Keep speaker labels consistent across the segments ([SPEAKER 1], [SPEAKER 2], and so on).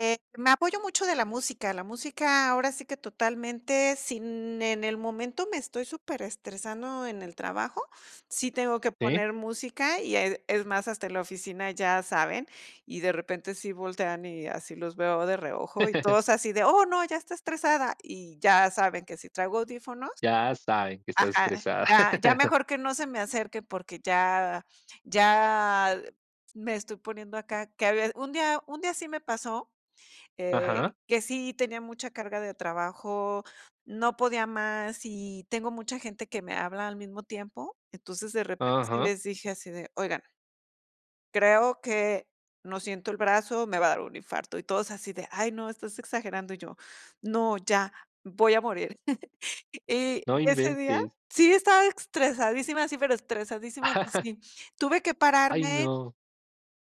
[SPEAKER 1] Eh, me apoyo mucho de la música. La música, ahora sí que, totalmente, sin en el momento me estoy superestresando en el trabajo, sí tengo que
[SPEAKER 2] Sí.
[SPEAKER 1] poner música, y, eh, es más, hasta en la oficina ya saben, y de repente sí voltean, y así los veo de reojo, y todos así de: "Oh, no, ya está estresada". Y ya saben que si traigo audífonos
[SPEAKER 2] Ya saben que estás
[SPEAKER 1] ajá,
[SPEAKER 2] estresada.
[SPEAKER 1] ya ya mejor que no se me acerque, porque, ya ya me estoy poniendo acá que había un día un día sí me pasó, eh,
[SPEAKER 2] Ajá.
[SPEAKER 1] que sí tenía mucha carga de trabajo, no podía más, y tengo mucha gente que me habla al mismo tiempo. Entonces, de repente sí
[SPEAKER 2] Ajá.
[SPEAKER 1] les dije así de: "Oigan" "creo que no siento el brazo, me va a dar un infarto". Y todos así de: "Ay, no, estás exagerando". Y yo: "No, ya, voy a morir". Y
[SPEAKER 2] No
[SPEAKER 1] ese día,
[SPEAKER 2] inventes.
[SPEAKER 1] sí estaba estresadísima, sí, pero estresadísima que sí. Tuve que
[SPEAKER 2] Ay,
[SPEAKER 1] pararme
[SPEAKER 2] no.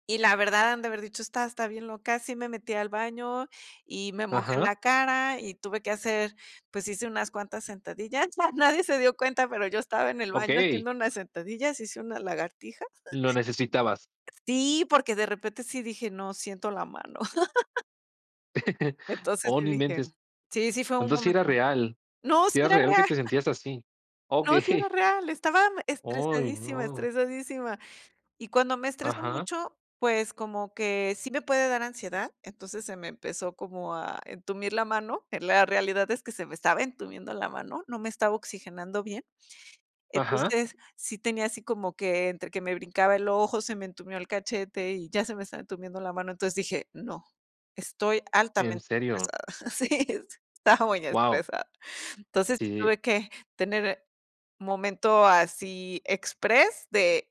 [SPEAKER 1] y, la verdad, han de haber dicho: "Esta está bien loca". Sí me metí al baño, y me mojé
[SPEAKER 2] Ajá.
[SPEAKER 1] la cara, y tuve que hacer pues, hice unas cuantas sentadillas. Ya nadie se dio cuenta, pero yo estaba en el baño
[SPEAKER 2] Okey.
[SPEAKER 1] haciendo unas sentadillas, hice unas lagartijas.
[SPEAKER 2] Lo necesitabas.
[SPEAKER 1] Sí, porque de repente sí dije: "No, siento la mano". Entonces,
[SPEAKER 2] Oh,
[SPEAKER 1] sí
[SPEAKER 2] no
[SPEAKER 1] dije:
[SPEAKER 2] inventes.
[SPEAKER 1] "Sí sí fue un
[SPEAKER 2] Entonces, sí era
[SPEAKER 1] momento".
[SPEAKER 2] real
[SPEAKER 1] No, sí
[SPEAKER 2] sí era
[SPEAKER 1] era
[SPEAKER 2] real que
[SPEAKER 1] real.
[SPEAKER 2] te sentías así.
[SPEAKER 1] No, sí era
[SPEAKER 2] Okey.
[SPEAKER 1] real, estaba
[SPEAKER 2] Ay,
[SPEAKER 1] estresadísima
[SPEAKER 2] no.
[SPEAKER 1] estresadísima. Y cuando me estreso
[SPEAKER 2] Ajá.
[SPEAKER 1] mucho, pues como que sí me puede dar ansiedad, entonces, se me empezó como a entumir la mano. En la realidad es que, se me estaba entumiendo la mano, no me estaba oxigenando bien.
[SPEAKER 2] Ajá.
[SPEAKER 1] Entonces, sí tenía así como que, entre que me brincaba el ojo, se me entumió el cachete, y ya se me estaba entumiendo la mano, entonces dije: "No, estoy
[SPEAKER 2] En
[SPEAKER 1] altamente
[SPEAKER 2] serio.
[SPEAKER 1] estresada". Sí, estaba muy
[SPEAKER 2] Guau.
[SPEAKER 1] estresada Entonces,
[SPEAKER 2] Sí.
[SPEAKER 1] tuve que tener momento así express de